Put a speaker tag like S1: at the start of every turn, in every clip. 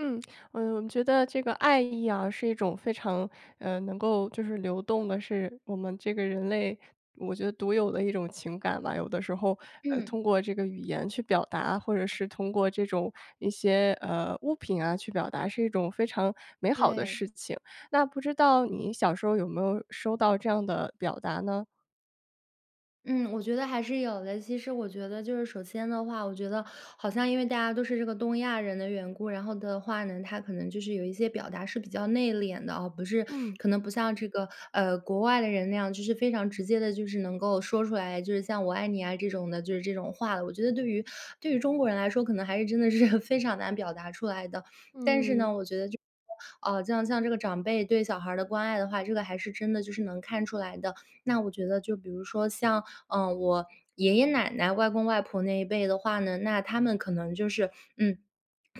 S1: 嗯，呃，我觉得这个爱意啊，是一种非常，呃，能够就是流动的，是我们这个人类，我觉得独有的一种情感吧，有的时候，呃，
S2: 嗯。
S1: 通过这个语言去表达，或者是通过这种一些，呃，物品，啊，去表达是一种非常美好的
S2: 对。
S1: 事情，那不知道你小时候有没有收到这样的表达呢？
S2: 嗯，我觉得还是有的。其实我觉得就是首先的话，我觉得好像因为大家都是这个东亚人的缘故，然后的话呢，他可能就是有一些表达是比较内敛的啊，不是
S1: 嗯。
S2: 可能不像这个，呃，国外的人那样，就是非常直接地就是能够说出来，就是像“我爱你”啊这种的就是这种话了。我觉得对于对于中国人来说，可能还是真的是 非常难表达出来的。但是
S1: 嗯。
S2: 呢我觉得就是，啊，就像这个长辈对小孩儿的关爱的话，这个还是真的就是能看出来的。那我觉得就比如说像，嗯，我爷爷奶奶、外公外婆那一辈的话呢，那他们可能就是，嗯，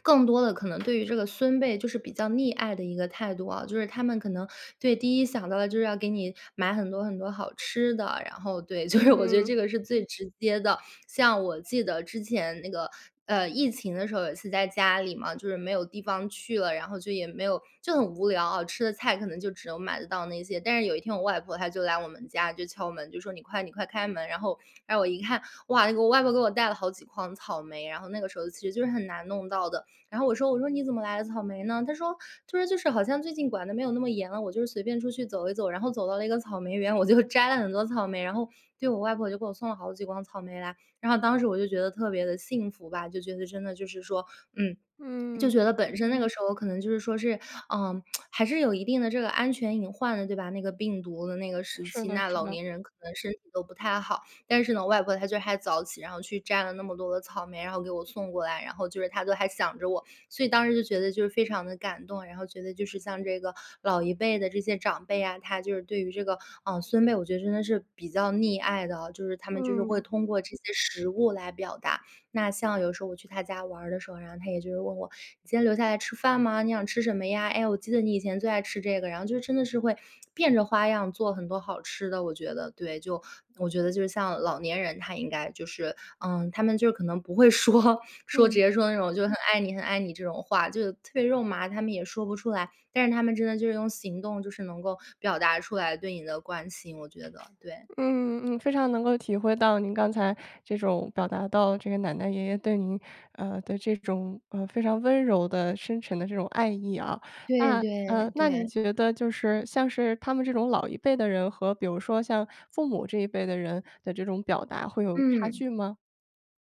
S2: 更多地可能对于这个孙辈，就是比较溺爱的一个态度啊，就是他们可能对，第一想到的就是要给你买很多很多好吃的，然后，对，就是我觉得
S1: 嗯。
S2: 这个是最直接的。像我记得之前那个，呃，疫情的时候，有一次在家里嘛，就是没有地方去了，然后就也没有就很无聊啊，吃的菜可能就只能买得到那些但是有一天我外婆，她就来我们家，就敲门，就说你快你快开门，然后然后我一看哇，那个外婆给我带了好几筐草莓，然后那个时候其实就是很难弄到的。然后我说我说你怎么来了草莓呢？她说她说就是好像最近管得没有那么严了，我就随便出去走一走，然后走到那个草莓园，我就摘了很多草莓，然后，对，我外婆就给我送了好几筐草莓来。然后当时我就觉得特别地幸福吧，就觉得真的就是说，嗯，就
S1: 嗯。
S2: 觉得本身那个时候可能就是说，是，啊，还是有一定的这个安全隐患的，对吧？那个病毒的那个时
S1: 是
S2: 期，
S1: 的，
S2: 那
S1: 是
S2: 老
S1: 的。
S2: 年人可能身体都不太好。但是呢，外婆她就还早起，然后去摘了那么多的草莓，然后给我送过来，然后就是她都还想着我，所以当时就觉得就是非常地感动。然后觉得就是像这个老一辈的这些长辈啊，她就是对于这个，啊，孙辈，我觉得真的是比较溺爱的哦，就是她们就是会
S1: 嗯。
S2: 通过这些食物来表达。那像有时候我去她家玩儿的时候，然后她也就是问我“今天留下来吃饭吗？你想吃什么呀？哎，我记得你以前最爱吃这个“，然后就真的是会变着花样做很多好吃的，我觉得对。就，我觉得就是像老年人，她应该就是，嗯，她们就可能不会说说直
S1: 嗯。
S2: 接说那种就很爱你很爱你这种话，就特别肉麻，她们也说不出来，但是她们真的就是用行动就是能够表达出来对你的关心，我觉得，对。
S1: 嗯嗯，非常能够体会到您刚才这种表达到这个奶奶爷爷对您，呃，的这种，呃，非常温柔的深沉的这种爱意啊，
S2: 对
S1: 那，呃，
S2: 对
S1: 那你
S2: 对。
S1: 觉得就是像是他们这种老一辈的人和比如说像父母这一辈的人的这种表达会有差
S2: 嗯。
S1: 距吗？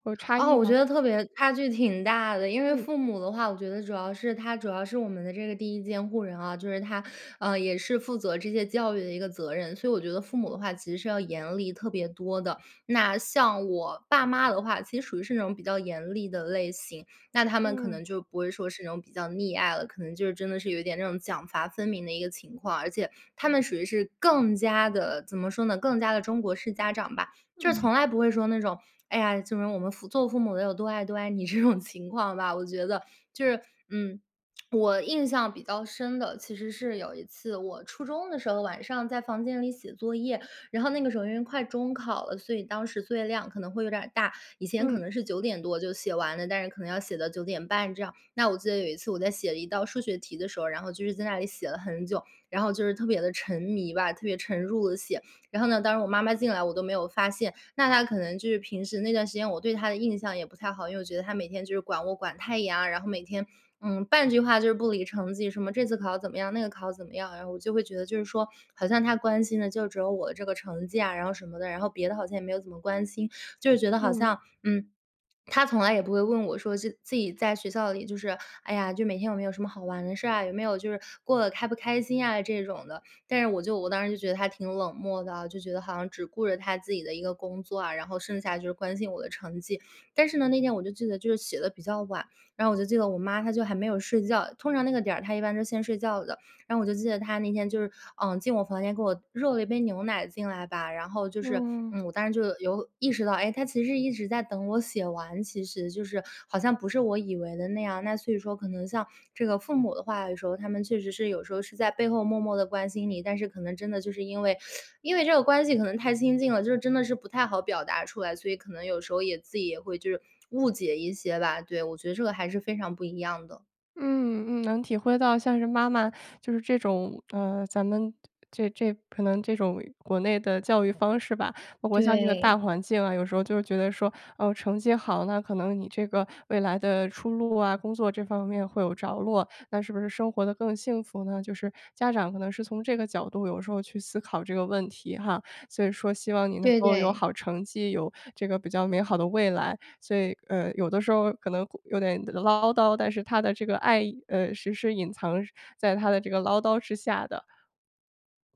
S1: 或差
S2: 啊，
S1: 异
S2: 我觉
S1: 吗？
S2: 得特别差距挺大的，因为
S1: 嗯。
S2: 父母的话，我觉得主要是他主要是我们的这个第1监护人啊，就是他，呃，也是负责这些教育的一个责任，所以我觉得父母的话其实是要严厉特别多的。那像我爸妈的话，其实属于是那种比较严厉的类型，那他们可
S1: 嗯。
S2: 能就不会说是那种比较溺爱了，可能就是真的是有一点那种奖罚分明的一个情况，而且他们属于是更加地，怎么说呢，更加地中国式家长吧，就是
S1: 嗯。
S2: 从来不会说那种，哎呀，就是我们父做父母的有多爱多爱你这种情况吧，我觉得，就是。嗯，我印象比较深的，其实是有一次我初中的时候，晚上在房间里写作业，然后那个时候首先快中考了，所以当时作业量可能会有点儿大，以前可
S1: 嗯。
S2: 能是9点多就写完了，但是可能要写到9点半这样，那我记得有一次我在写了一道数学题的时候，然后就是在那里写了很久，然后就是特别地沉迷吧，特别沉入地写。然后呢，当时我妈妈进来我都没有发现，那她可能就是平时那段时间我对她的印象也不太好，因为我觉得她每天就是管我管太严啊，然后每天，嗯，半句话就是不离成绩什么这次考怎么样？那个考怎么样，然后我就会觉得就是说好像她关心的就只有我的这个成绩呀，然后什么的，然后别的好像也没有怎么关心，就觉得好
S1: 嗯。
S2: 像，嗯，她从来也不会问我说，现自己在学校里就是，哎呀，就每天有没有什么好玩的事儿啊，有没有就是过得开不开心啊这种的。但是我就我当时就觉得她挺冷漠的，就觉得好像只顾着她自己的一个工作啊，然后剩下就是关心我的成绩。但是呢，那天我就记得就是写得比较晚，然后我就记得我妈她就还没有睡觉，通常那个点儿她一般是先睡觉的，然后我就记得她那天就是，呃，进我房间给我，热了一杯牛奶进来吧，然后就是，
S1: 嗯。
S2: 嗯，我当时就有意识到，哎，她其实一直在等我写完，其实就是好像不是我以为的那样，那所以说可能像这个父母的话，有时候他们确实是有时候是在背后默默地关心你，但是可能真的就是因为 因为这个关系可能太亲近了，就是真的是不太好表达出来，所以可能有时候也自己也会就是误解一些吧。对，我觉得这个还是非常不一样的。
S1: 嗯，嗯，能体会到像是妈妈，就是这种，呃，咱们这这可能这种国内的教育方式吧，包括像这个大
S2: 对。
S1: 环境啊，有时候就觉得说，哦，成绩好，那可能你这个未来的出路啊，工作这方面会有着落，那是不是生活得更幸福呢？就是家长可能是从这个角度有时候去思考这个问题哈。所以说希望你能
S2: 对，
S1: 够有
S2: 对。
S1: 好成绩，有这个比较美好的未来。所以，呃，有的时候，可能会，有点唠叨，但是她的这个爱，呃，实施隐藏在她的这个唠叨之下的。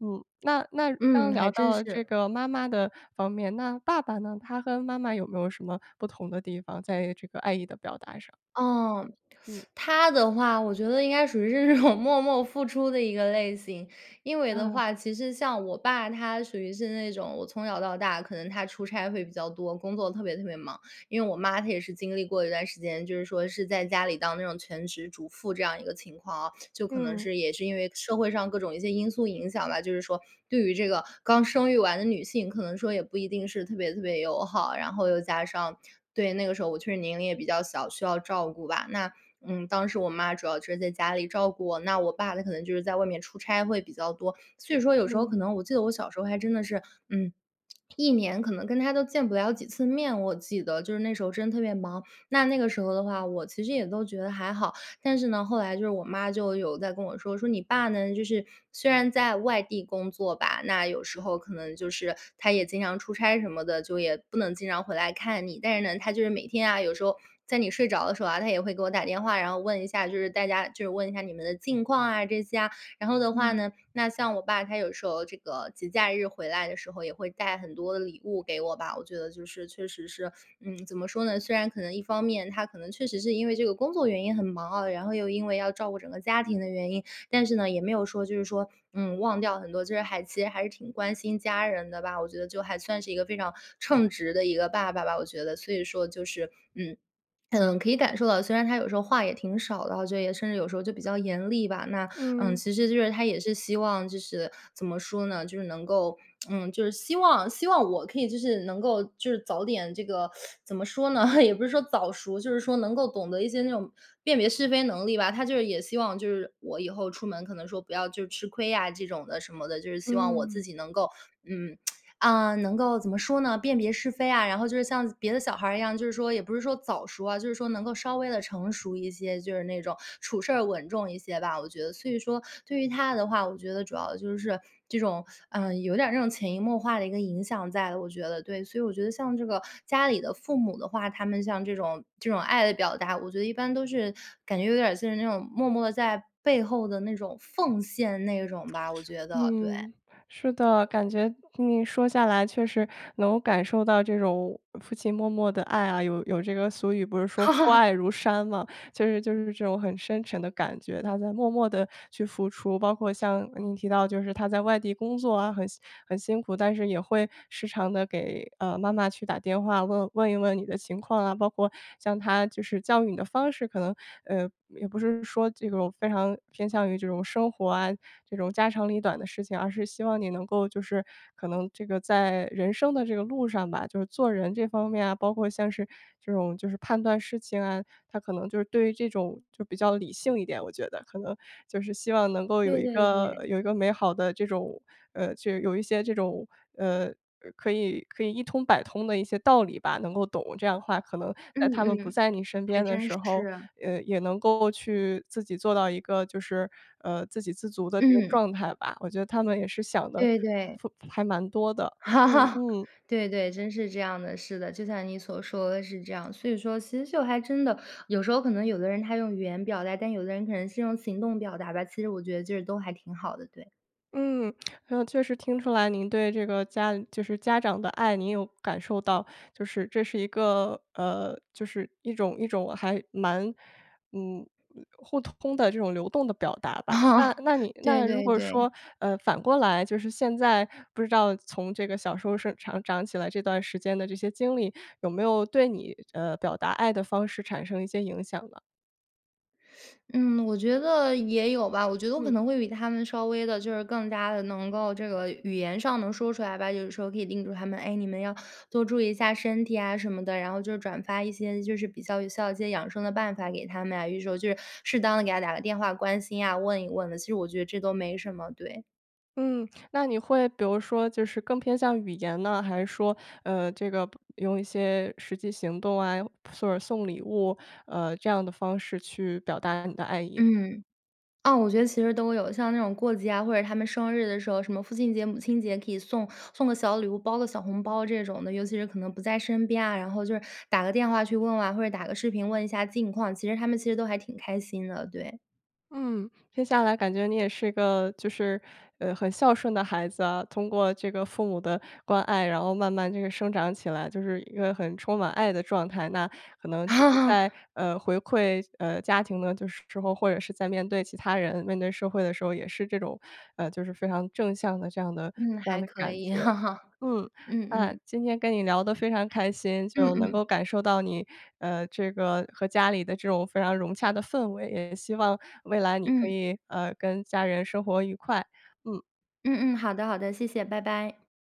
S1: 嗯，那那刚
S2: 嗯，
S1: 刚聊
S2: 还真
S1: 到这
S2: 是。
S1: 个妈妈的方面，那爸爸呢？他和妈妈有没有什么不同的地方，在这个爱意的表达上？
S2: 哦，
S1: 嗯。
S2: 她的话我觉得应该属于是这种默默付出的一个类型。因为的
S1: 啊。
S2: 话，其实像我爸他属于是那种我从小到大可能他出差会比较多，工作特别特别忙。因为我妈她也是经历过一段时间，就是说是在家里当那种全职主妇这样一个情况啊。就可能
S1: 嗯。
S2: 是也是因为社会上各种一些因素影响吧，就是说对于这个刚生育完的女性，可能说也不一定是特别特别友好。然后又加上对，那个时候我确实年龄也比较小，需要照顾吧。那，嗯，当时我妈主要是在家里照顾我，那我爸他可能就是在外面出差会比较多。所以说有时候
S1: 嗯。
S2: 可能我记得我小时候还真的是，嗯，一年可能跟他都见不了几次面，我记得。就是那时候真的特别忙，那那个时候的话，我其实也都觉得还好。但是呢，后来就是我妈就有在跟我说，说：“你爸呢，就是虽然在外地工作吧，那有时候可能就是他也经常出差什么的，就也不能经常回来看你。但是呢，他就是每天啊，有时候在你睡着的时候啊，他也会给我打电话，然后问一下就是大家就是问一下你们的近况啊，这些啊。”然后的话
S1: 嗯。
S2: 呢，那像我爸他有时候这个节假日回来的时候，也会带很多的礼物给我吧。我觉得就是确实是，嗯，怎么说呢，虽然可能一方面他可能确实是因为这个工作原因很忙啊，然后又因为要照顾整个家庭的原因。但是呢，也没有说就是说，嗯，忘掉很多，就是还其实还是挺关心家人的吧。我觉得就还算是一个非常称职的一个爸爸吧，我觉得。所以说就是，嗯，可能可以感受到虽然他有时候话也挺少的哈，就也甚至有时候就比较严厉吧。那，嗯，
S1: 嗯。
S2: 其实就是他也是希望，就是怎么说呢？就是能够，嗯，就是希望希望我可以就是能够，就是早点，这个 怎么说呢？也不是说早熟，就是说能够懂得一些那种辨别是非能力吧。他就是也希望就是我以后出门可能说不要就吃亏呀这种的什么的。就是希望我
S1: 嗯。
S2: 自己能够，嗯，啊，能够怎么说呢？辨别是非啊，然后就是像别的小孩儿一样，就是说也不是说早熟啊，就是说能够稍微地成熟一些，就是那种处事儿稳重一些吧。我觉得所以说对于他的话，我觉得主要的就是这种，嗯，有点儿那种潜移默化的一个影响在，我觉得，对。所以我觉得像这个家里的父母的话，他们像这种，这种爱的表达，我觉得一般都是感觉有点儿像那种默默地在背后的那种奉献那种吧，我觉得，对。
S1: 嗯，是的。感觉你说下来确实能感受到这种父亲默默的爱啊，有有这个俗语不是“说父爱 如山”嘛。就是就是这种很深沉的感觉，他在默默地去付出。包括像你提到就是他在外地工作啊，很辛很辛苦，但是也会时常地给，呃，妈妈去打电话问问一问你的情况啊。包括像他就是教育你的方式可能，呃，也不是说这种非常偏向于这种生活啊，这种家长里短的事情，而是希望你能够就是，可能这个在人生的这个路上吧，就是做人这方面啊，包括像是这种，就是判断事情啊，他可能就是对于这种就比较理性一点，我觉得。可能就是希望能够有
S2: 对
S1: 一
S2: 对
S1: 个，
S2: 对。
S1: 有一个美好的这种，呃，就有一些这种，呃，呃，可以，可以一通百通的一些道理吧，能够懂。这样的话可能
S2: 嗯，
S1: 在他们不
S2: 嗯，
S1: 在你身
S2: 还
S1: 边的
S2: 真
S1: 时候，
S2: 是。
S1: 呃，也能够去自己做到一个就是，呃，自给自足的这个
S2: 嗯。
S1: 状态吧。我觉得他们也是想的
S2: 对，对。
S1: 负还蛮多的，嗯，嗯。
S2: 对，对，真是这样的。是的，就像你所说的是这样。所以说其实就还真的，有时候可能有的人他用语言表达，但有的人可能是用行动表达吧。其实我觉得就是都还挺好的，对。
S1: 嗯，确实听出来您对这个家就是家长的爱你有感受到，就是这是一个，呃，就是一种一种还蛮，嗯，互通的这种流动的表达吧。
S2: 哦，
S1: 那那你
S2: 对
S1: 那如
S2: 对
S1: 果
S2: 对。
S1: 说，呃，反过来，就是现在不知道从这个小时候顺长长起来这段时间的这些经历有没有对你，呃，表达爱的方式产生一些影响呢？
S2: 嗯，我觉得也有吧，我觉得我可
S1: 嗯。
S2: 能会比他们稍微地就是更加地能够这个语言上能说出来吧，就是说可以叮嘱他们：“哎，你们要多注意一下身体啊”什么的，然后就是转发一些就是比较有效一些养生的办法给他们啊，有时候就是适当地给他打个电话关心啊，问一问的，其实我觉得这都没什么，对。
S1: 嗯，那你会比如说就是更偏向语言呢，还是说，呃，这个不用一些实际行动啊，又或者送礼物呃，这样的方式去表达你的爱意呢？
S2: 嗯。啊，我觉得其实都有，像那种过节啊，或者他们生日的时候，什么父亲节、母亲节可以送送个小礼物，包个小红包这种的，尤其是可能不在身边啊，然后就是打个电话去问问啊，或者打个视频问一下近况，其实他们其实都还挺开心的，对。
S1: 嗯，听下来感觉你也是一个就是，呃，很孝顺的孩子啊，通过这个父母的关爱，然后慢慢这个生长起来就是一个很充满爱的状态，那可能就是
S2: 啊。
S1: 在，呃，回馈，呃，家庭的就是时候，或者是在面对其他人、面对社会的时候也是这种，呃就是非常正向的这样的
S2: 嗯，
S1: 这样
S2: 还
S1: 的
S2: 可
S1: 感觉。
S2: 以，
S1: 嗯，
S2: 嗯
S1: 啊，
S2: 嗯。
S1: 今天跟你聊得非常开心，
S2: 嗯
S1: 就能
S2: 嗯。
S1: 够感受到你，呃，这个和家里的这种非常融洽的氛围，也希望未来你可
S2: 嗯。
S1: 以，呃，跟家人生活愉快，嗯。
S2: 嗯嗯，好的好的，谢谢，拜拜。